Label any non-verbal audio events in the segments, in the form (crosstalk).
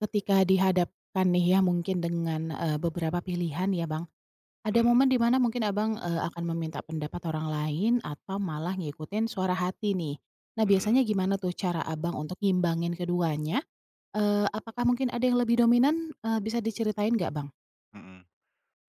Ketika dihadapan nih ya mungkin dengan, eee, beberapa pilihan ya Bang, ada Hmm. momen di mana mungkin Abang, eee, akan meminta pendapat orang lain atau malah ngikutin suara hati nih. Nah Hmm. biasanya gimana tuh cara Abang untuk ngimbangin keduanya? Eee, apakah mungkin ada yang lebih dominan? Eee, bisa diceritain nggak Bang? Hmm,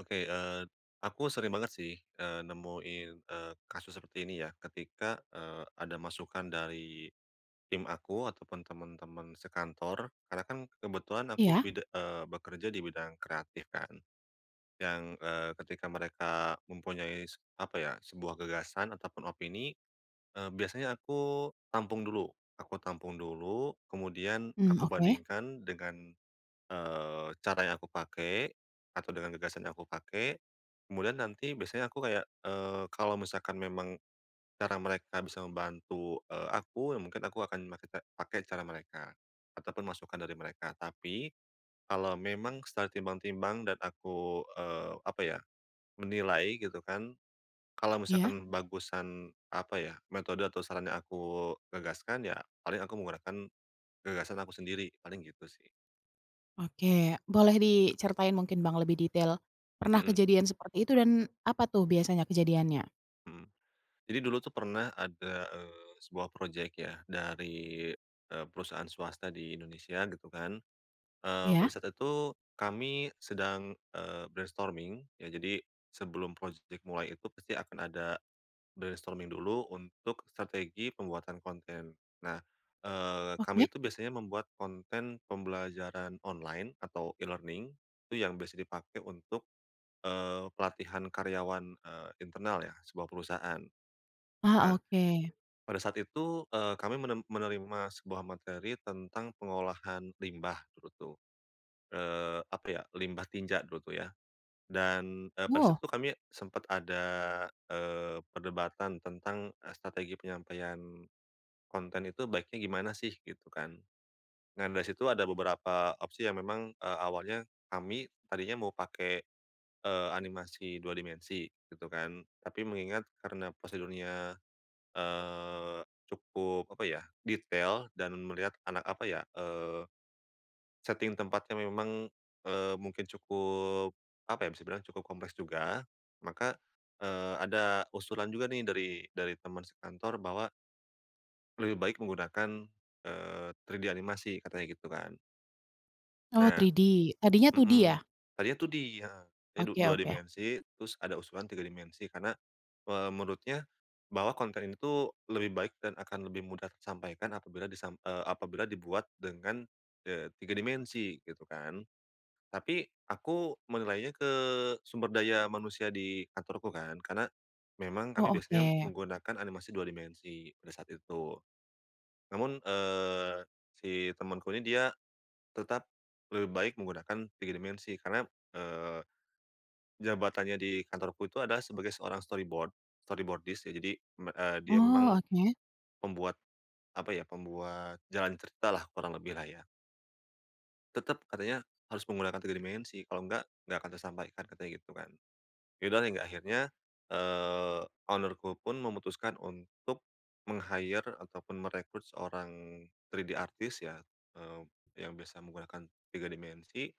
oke, eee, aku sering banget sih, eee, nemuin, eee, kasus seperti ini ya ketika, eee, ada masukan dari tim aku ataupun teman-teman sekantor, karena kan kebetulan aku Iya. bida eee, bekerja di bidang kreatif kan. Yang, eee, ketika mereka mempunyai s apa ya, sebuah gagasan ataupun opini, eee, biasanya aku tampung dulu, aku tampung dulu, kemudian Mhm, aku oke. bandingkan dengan, eee, cara yang aku pakai, atau dengan gagasan yang aku pakai, kemudian nanti biasanya aku kayak, eee, kalau misalkan memang, cara mereka bisa membantu, eee, aku mungkin aku akan makai ca pake cara mereka ataupun masukan dari mereka. Tapi, kalau memang secara timbang-timbang dan aku, eee, apa ya, menilai gitu kan, kalau Iya. misalkan bagusan, apa ya, metode atau saran yang aku gagaskan ya, paling aku menggunakan, gagasan aku sendiri. Paling gitu sih. Oke, boleh diceritain mungkin Bang lebih detail, pernah Mhm. kejadian seperti itu dan apa tuh biasanya kejadiannya? Mhm, jadi dulu tuh pernah ada, eee, sebuah project ya dari, eee, perusahaan swasta di Indonesia gitu kan. Eee, pada Iya. saat itu kami sedang, eee, brainstorming ya jadi sebelum project mulai itu pasti akan ada brainstorming dulu untuk strategi pembuatan konten. Nah, eee, kami Oke. itu biasanya membuat konten pembelajaran online atau e-learning itu yang biasa dipakai untuk, eee, pelatihan karyawan, eee, internal ya, sebuah perusahaan. Ah, Nah, oke. pada saat itu, eee, kami menen menerima sebuah materi tentang pengolahan limbah, cerutu. Eee, apa ya, limbah tinja dulu tuh ya, dan, e pada saat Woh. itu kami sempat ada, eee, perdebatan tentang, e strategi penyampaian konten itu baiknya gimana sih, gitu kan. Nah dari situ ada beberapa opsi yang memang, eee, awalnya kami tadinya mau pake, eee, animasi 2 dimensi gitu kan. Tapi mengingat karena pasar dunia, eee, cukup apa ya, detail dan melihat anak, apa ya, eee, setting tempatnya memang, eee, mungkin cukup apa ya, bisa dibilang cukup kompleks juga, maka, eee, ada usulan juga nih dari dari teman sekantor bahwa lebih baik menggunakan, eee, 3D animasi, katanya gitu kan. Oh Nah, 3D 3D, tadinya 2D mhm, ya? tadinya tuh di heeh, di du Oke 2 oke. dimensi, terus ada usulan 3 dimensi karena, eee, menurutnya, bahwa konten ini tuh lebih baik dan akan lebih mudah tersampaikan apabila disam eee, apabila dibuat dengan, eee, 3 dimensi gitu kan. Tapi, aku menilainya ke sumber daya manusia di kantorku kan, karena memang kami Oh, biasanya oke. menggunakan animasi 2 dimensi pada saat itu. Namun, eee, si temanku ini dia tetap lebih baik menggunakan 3 dimensi karena, eee, jabatannya di kantorku itu adalah sebagai seorang Storyboard, Storyboardist ya jadi, mmm, eee, dia memang Oh, oke. pembuat, apa ya, pembuat jalan cerita lah kurang lebih lah ya. Tetap katanya, harus menggunakan 3 dimensi kalau nggak nggak akan tersampaikan katanya gitu kan. Ya udah hingga akhirnya, eee, owner-ku pun memutuskan untuk meng-hire ataupun merekrut seorang 3D artist ya, eee, yang bisa menggunakan 3 dimensi,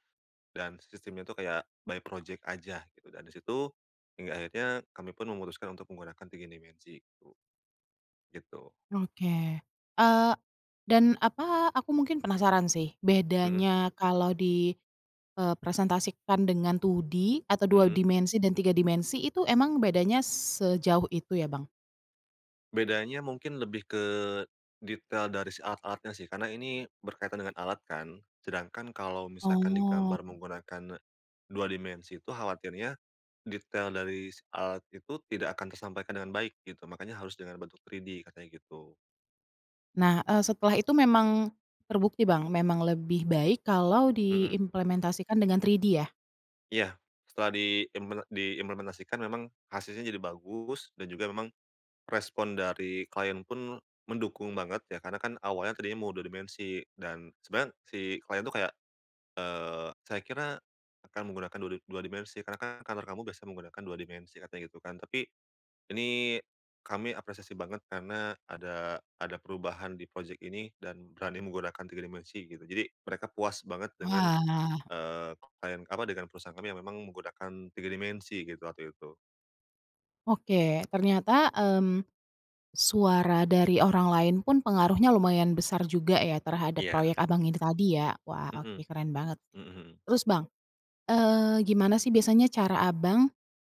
dan sistemnya itu kayak by project aja gitu. Dan di situ, hingga akhirnya kami pun memutuskan untuk menggunakan 3 dimensi itu. Gitu. Oke. Eee, dan apa, aku mungkin penasaran sih Mhm. bedanya kalau di, eee, presentasikan dengan 2D atau 2 Mhm. dimensi dan 3 dimensi itu emang bedanya sejauh itu ya Bang? Bedanya mungkin lebih ke detail dari si alat-alatnya sih. Karena ini berkaitan dengan alat kan, sedangkan kalau misalkan Oh. digambar menggunakan 2 dimensi itu khawatirnya, detail dari si alat itu tidak akan tersampaikan dengan baik gitu, makanya harus dengan bentuk 3D 3D katanya gitu. Nah, eee, setelah itu memang terbukti, Bang, memang lebih baik kalau Mmm. diimplementasikan dengan 3D ya? Iya, setelah diimple diimplementasikan memang hasilnya jadi bagus dan juga memang respon dari klien pun mendukung banget ya, karena kan awalnya tadinya mau 2 dimensi, dan sebenarnya si klien itu kayak, "Eee, saya kira akan menggunakan dua di dua dimensi karena kan kantor kamu biasa menggunakan 2 dimensi," katanya gitu kan. "Tapi, ini kami apresiasi banget karena ada ada perubahan di project ini dan berani menggunakan 3 dimensi," gitu. Jadi mereka puas banget dengan, Wah. eee, klien, apa, dengan perusahaan kami yang memang menggunakan 3 dimensi gitu waktu itu. Oke, ternyata, mmm, suara dari orang lain pun pengaruhnya lumayan besar juga ya terhadap Iya. proyek Abang ini tadi ya? Wah, oke Mhm. keren banget sih. mhm mhm. Terus, Bang, eee, gimana sih biasanya cara Abang,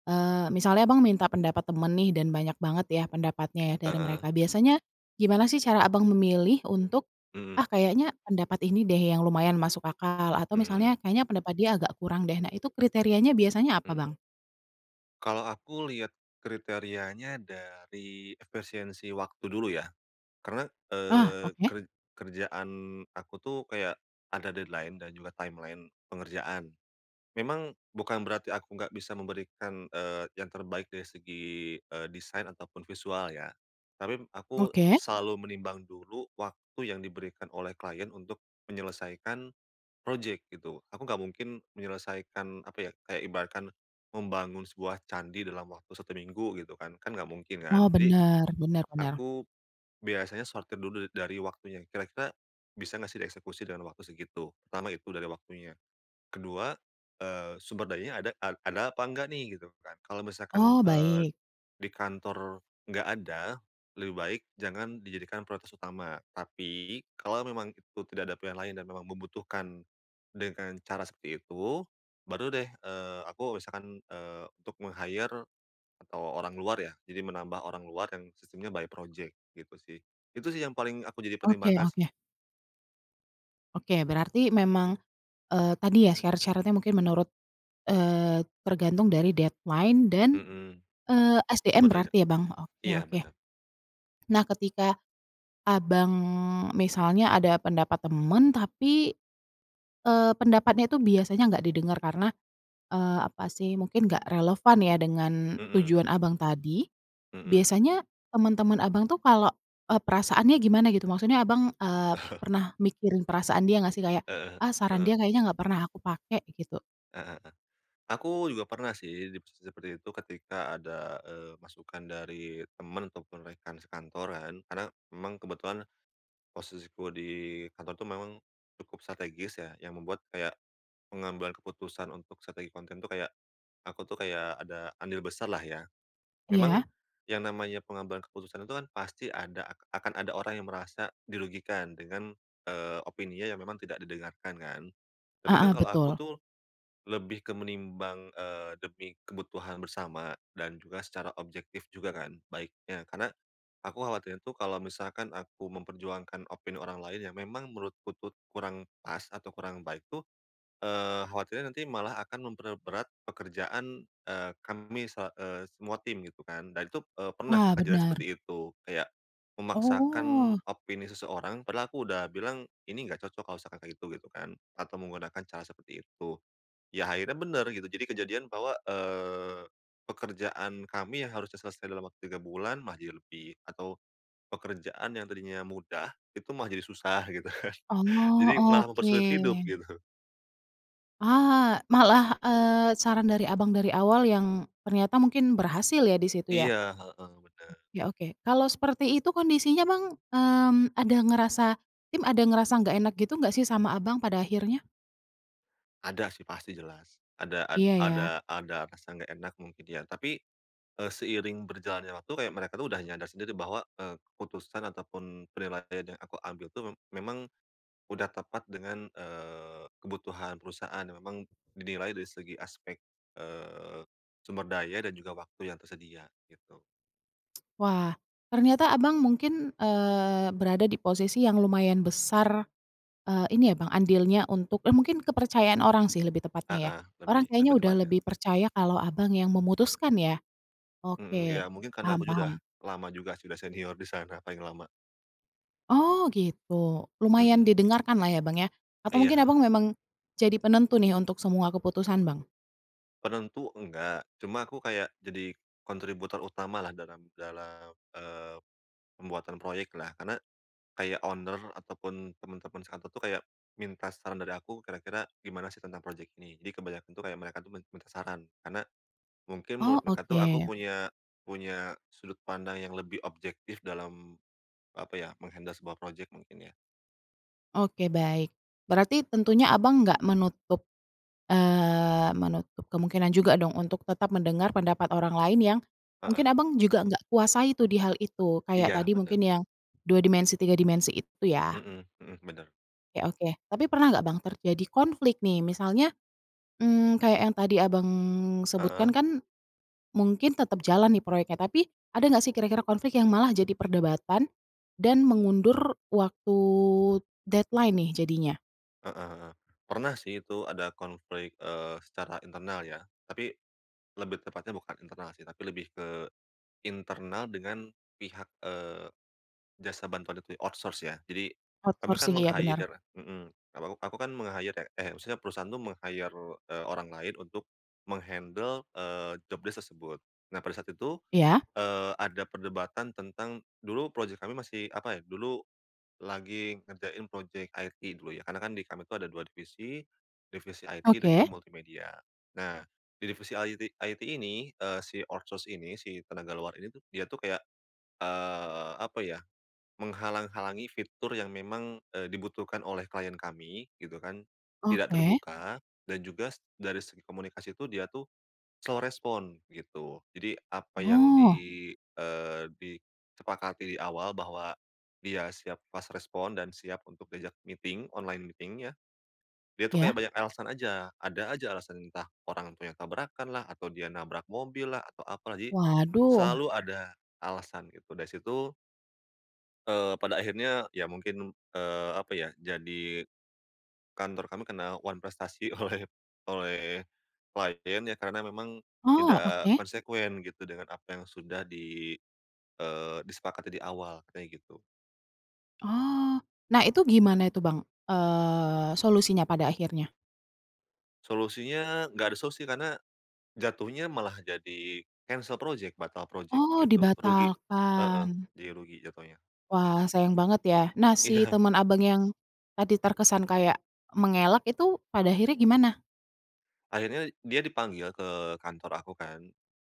eee, misalnya Abang minta pendapat teman nih dan banyak banget ya pendapatnya ya dari Heeh. mereka, biasanya gimana sih cara Abang memilih untuk, Mhm. "Ah, kayaknya pendapat ini deh yang lumayan masuk akal," atau Mhm misalnya, mhm. "Kayaknya pendapat dia agak kurang deh." Nah, itu kriterianya biasanya apa, Mhm. Bang? Kalau aku lihat kriterianya dari efisiensi waktu dulu ya, karena, Ah, eee, oke. ker kerjaan aku tuh kayak ada deadline dan juga timeline pengerjaan. Memang bukan berarti aku nggak bisa memberikan, eee, yang terbaik dari segi, eee, desain ataupun visual ya, tapi aku Oke. selalu menimbang dulu waktu yang diberikan oleh klien untuk menyelesaikan project gitu. Aku nggak mungkin menyelesaikan apa ya, kayak ibarat kan membangun sebuah candi dalam waktu 1 minggu gitu kan, kan nggak mungkin Oh, kan. Jadi bener. Bener bener. aku biasanya sortir dulu da dari waktunya kira-kira bisa nggak sih dieksekusi dengan waktu segitu, pertama itu dari waktunya. Ke-2, eee, sumber dayanya ada a ada apa enggak nih? Gitu kan. Kalau misalkan, Oh, eee, baik. di kantor enggak ada, lebih baik jangan dijadikan prioritas utama, tapi kalau memang itu tidak ada pilihan lain dan memang membutuhkan dengan cara seperti itu baru deh, eee, aku misalkan, eee, untuk meng-hire atau orang luar ya. Jadi menambah orang luar yang sistemnya by project gitu sih. Itu sih yang paling aku jadi Oke pertimbangan sih. oke. Oke, berarti memang, eee, tadi ya syarat-syaratnya mungkin menurut eee, tergantung dari deadline dan, Mmm, eee, SDM sumber daya. berarti ya, Bang? Oke Iya, oke. bener. Nah, ketika Abang misalnya ada pendapat teman tapi, eee, pendapatnya itu biasanya nggak didengar karena, eee, apa sih, mungkin nggak relevan ya dengan Mhm. tujuan Abang tadi, Mhm. biasanya teman-teman Abang tuh kalau eee, perasaannya gimana gitu? Maksudnya Abang, eee, (chuckles) pernah mikirin perasaan dia nggak sih kayak, Heeh "Ah, saran dia heeh. kayaknya enggak pernah aku pakai," gitu. Heeh heeh. Aku juga pernah sih di posisi seperti itu ketika ada, eee, masukan dari temen ataupun rekan sekantoran karena memang kebetulan posisiku di Kantor itu memang cukup strategis ya, yang membuat kayak pengambilan keputusan untuk strategi konten tuh kayak aku tuh kayak ada andil besarlah ya. Memang Iya. yang namanya pengambilan keputusan itu kan pasti ada ak akan ada orang yang merasa dirugikan dengan, eee, opininya yang memang tidak didengarkan kan. Tapi kan Heeh, kalau aku betul. tuh lebih ke menimbang, eee, demi kebutuhan bersama dan juga secara objektif juga kan baiknya. Karena aku khawatirnya tuh kalau misalkan aku memperjuangkan opini orang lain yang memang menurutku tuh kurang pas atau kurang baik tuh, eee, khawatirnya nanti malah akan memperberat pekerjaan, eee, kami sela eee, semua tim gitu kan. Dan itu, eee, pernah Ah, kejadian bener. seperti itu. Kayak memaksakan Oh. opini seseorang padahal aku udah bilang, "Ini nggak cocok kalau misalkan kayak gitu," gitu kan, atau menggunakan cara seperti itu. Ya akhirnya bener gitu jadi kejadian bahwa, eee, pekerjaan kami yang harusnya selesai dalam waktu 3 bulan malah jadi lebih atau pekerjaan yang tadinya mudah itu malah jadi susah gitu kan. Oh, Jadi malah mempersulit hidup oke. gitu. Ah, malah, eee, saran dari Abang dari awal yang ternyata mungkin berhasil ya di situ ya. Iya, heeh, bener. Oke oke, kalau seperti itu kondisinya, Bang, mmm, ada ngerasa tim ada ngerasa nggak enak gitu nggak sih sama Abang pada akhirnya? Ada sih pasti jelas, ada ad Iya, ya. ada ada rasa nggak enak mungkin ya. Tapi, eee, seiring berjalannya waktu kayak mereka tuh udah nyadar sendiri bahwa, eee, keputusan ataupun penilaian yang aku ambil tuh me memang udah tepat dengan, eee, kebutuhan perusahaan yang memang dinilai dari segi aspek, eee, sumber daya dan juga waktu yang tersedia gitu. Wah, ternyata Abang mungkin, eee, berada di posisi yang lumayan besar, eee, ini ya, Bang, andilnya untuk eee, mungkin kepercayaan orang sih lebih tepatnya ya. Heeh, Orang lebih kayaknya lebih udah tepatnya. lebih percaya kalau Abang yang memutuskan ya? Mhm, Oke, ya mungkin karena paham aku ju udah paham. lama juga sih udah senior di sana paling lama. Oh, gitu, lumayan Mhm. didengarkanlah ya, Bang, ya? Atau Iya, mungkin Abang heeh. memang jadi penentu nih untuk semua keputusan, Bang? Penentu nggak, cuma aku kayak jadi, kontributor utamalah dalam dalam, eee, pembuatan proyek lah karna, kayak owner ataupun temen-temen sekantor tuh kayak, minta saran dari aku kira-kira gimana sih tentang project ini jadi kebanyakan tuh kayak mereka tuh min minta saran karena, mungkin Oh menurut mereka tuh aku oke. punya punya sudut pandang yang lebih objektif dalam apa ya, meng-handle sebuah project mungkin ya. Oke baik, berarti tentunya, Abang, nggak menutup eee, menutup kemungkinan juga dong untuk tetap mendengar pendapat orang lain yang, mungkin, Heeh. Abang, juga nggak kuasai tuh di hal itu kayak Iya tadi bener. mungkin yang, 2 dimensi 3 dimensi itu ya. Mhm mhm, bener. Oke oke tapi pernah nggak, Bang, terjadi konflik nih misalnya, mmm, kayak yang tadi, Abang, Heeh. sebutkan kan, mungkin tetap jalan nih proyeknya tapi, ada nggak sih kira-kira konflik yang malah jadi perdebatan, dan mengundur waktu deadline nih jadinya? Heeh heeh, pernah sih itu ada konflik, eee, secara internal ya tapi, lebih tepatnya bukan internal sih tapi lebih ke, internal dengan, pihak, eee, jasa bantuan itu ya, outsource ya jadi, kami kan Outsourcing, iya benar. meng-hire mhm, aku aku kan meng-hire ya eh, maksudnya perusahaan tuh meng-hire, eee, orang lain untuk, meng-handle, eee, job desk tersebut, nah pada saat itu, Iya. eee, ada perdebatan tentang dulu project kami masih apa ya, dulu, lagi ngerjain project IT dulu ya karena kan di kami tuh ada 2 divisi, divisi IT dan juga Oke. multimedia, nah di divisi IT IT ini, eee, si outsource ini si tenaga luar ini tuh dia tuh kayak eee, apa ya, menghalang-halangi fitur yang memang, eee, dibutuhkan oleh klien kami gitu kan, tidak Oke. terbuka dan juga dari segi komunikasi tuh dia tuh, slow respond gitu jadi apa yang di Oh. eee, disepakati di awal bahwa, dia siap fast respond dan siap untuk diajak meeting online meeting ya, dia tuh kayak Iya. banyak alasan aja, ada aja alasan entah orang tuanya tabrakan lah atau dia nabrak mobil lah atau apa lah jadi, Waduh. selalu ada, alasan gitu dari situ eee, pada akhirnya ya mungkin eee, apa ya, jadi, kantor kami kena wanprestasi oleh oleh, klien ya karena memang, Oh tidak oke. konsekuen gitu dengan apa yang sudah di eee, disepakati di awal katanya gitu. Oh, nah itu gimana itu, Bang? Eee, solusinya pada akhirnya? Solusinya nggak ada solusi karena, jatuhnya malah jadi cancel project, batal project Oh gitu rugi, heeh, dibatalkan. jadi rugi jatuhnya. Wah sayang banget ya nah si Iya. teman, Abang, yang, tadi terkesan kayak, mengelak itu pada akhirnya gimana? Akhirnya dia dipanggil ke kantor aku kan,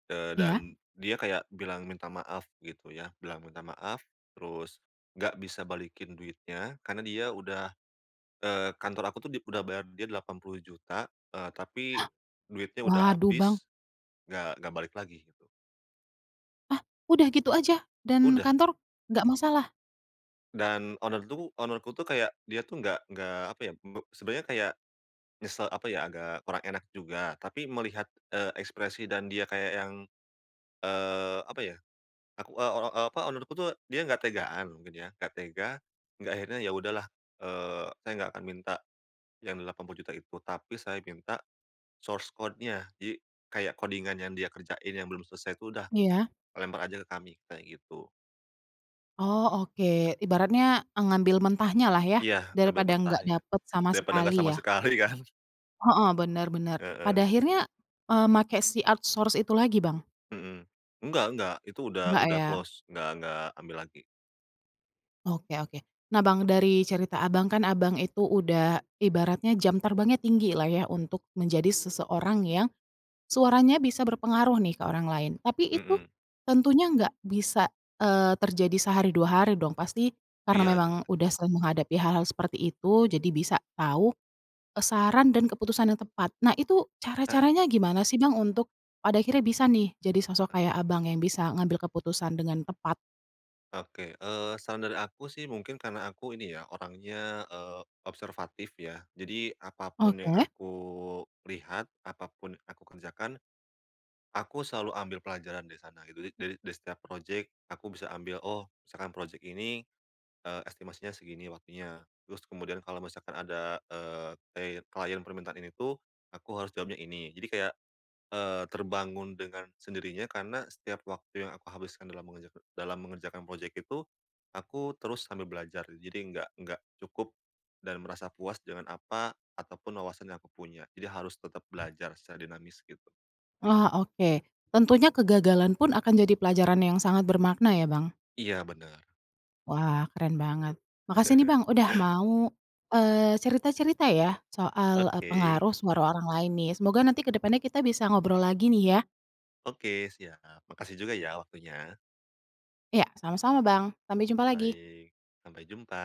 eee, Iya. dan dia kayak bilang minta maaf gitu ya, bilang minta maaf, terus nggak bisa balikin duitnya karena dia udah eee, kantor aku tuh di udah bayar dia Rp80.000.000, eee, tapi (gasps) duitnya udah Waduh, Bang. habis. Nggak nggak balik lagi gitu. Ah, udah gitu aja dan Udah. kantor nggak masalah? Dan owner tuh owner-ku tuh kayak dia tuh nggak nggak apa ya, beb sebenarnya kayak, nyesel apa ya, agak kurang enak juga tapi melihat, eee, ekspresi dan dia kayak yang, eee, apa ya, aku, eee, ora apa, owner-ku tuh dia nggak tegaan mungkin ya, nggak tega hingga akhirnya, "Ya udahlah," eee, "saya nggak akan minta, yang Rp80.000.000 itu, tapi saya minta source code-nya," jadi, kayak codingan yang dia kerjain yang belum selesai tuh, "Udah Iya. lempar aja ke kami," kayak gitu. Oh oke, ibaratnya ngambil mentahnya lah ya, Iya, ngambil daripada nggak mentahnya. dapet sama Daripada sekali nggak sama ya. sekali kan. Heeh, benar benar. Pada Heeh. akhirnya, eee, makai si outsource itu lagi, Bang? Mhm. Nggak nggak, itu udah Nggak udah ya. close, nggak nggak ambil lagi. Oke oke. Nah, Bang, dari cerita Abang kan Abang itu udah ibaratnya jam terbangnya tinggilah ya untuk menjadi seseorang yang, suaranya bisa berpengaruh nih ke orang lain. Tapi itu, Mhm. tentunya nggak bisa, eee, terjadi sehari, 2 hari dong pasti karena Iya, memang jelas. udah sering menghadapi hal-hal seperti itu jadi bisa tahu, eee, saran dan keputusan yang tepat. Nah itu, Heeh. cara-caranya gimana sih, Bang, untuk pada akhirnya bisa nih jadi sosok Heeh. kayak Abang yang bisa ngambil keputusan dengan tepat? Oke, eee, saran dari aku sih mungkin karena aku ini ya orangnya, eee, observatif ya, jadi apa pun yang Oke. aku lihat, apa pun aku kerjakan, aku selalu ambil pelajaran dari sana gitu. Jadi dari dari setiap project aku bisa ambil, oh misalkan project ini, eee, estimasinya segini waktunya, terus kemudian kalau misalkan ada, eee, klie klien permintaan ini tuh, aku harus jawabnya ini. Jadi kayak, eee, terbangun dengan sendirinya karena setiap waktu yang aku habiskan dalam mengerjaka dalam mengerjakan project itu, aku terus sambil belajar, jadi nggak nggak cukup, dan merasa puas dengan apa ataupun wawasan yang aku punya. Jadi harus tetap belajar secara dinamis, gitu. Oh oke, tentunya kegagalan pun akan jadi pelajaran yang sangat bermakna ya, Bang. Iya, benar. Wah, keren banget. Makasih nih, (chuckles) Bang, udah mau, eee, cerita-cerita ya soal, eee, Oke. pengaruh suara orang lain nih, semoga nanti ke depannya kita bisa ngobrol lagi nih ya. Oke siap. Makasih juga ya waktunya. Ya sama-sama, Bang, sampai jumpa lagi. Baik, sampai jumpa.